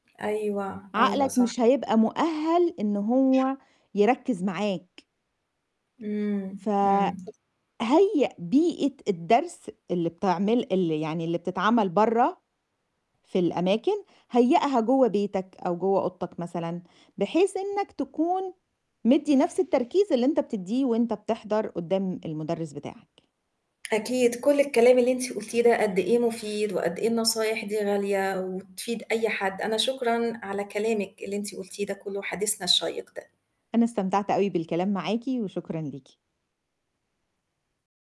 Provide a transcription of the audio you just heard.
أيوه، أيوه عقلك صح. مش هيبقى مؤهّل إن هو يركّز معاك. إمم، فهيّأ إمم. بيئة الدرس اللي بتعمل ال يعني اللي بتتعمل برّه في الأماكن، هيّأها جوّه بيتك أو جوّه أوضتك مثلًا بحيث إنّك تكون مدّي نَفْس التركيز اللي أنت بتدّيه وأنت بتحضر قُدّام المُدرِّس بتاعك. أكيد، كل الكلام اللي أنتِ قُلتيه ده قد إيه مفيد وقد إيه النصايح دي غالية وتفيد أي حد، أنا شكرًا على كلامِك اللي أنتِ قُلتيه ده كلّه حديثنا الشيّق ده. أنا استمتعت أوي بالكلام معاكِ، وشكرًا ليكِ.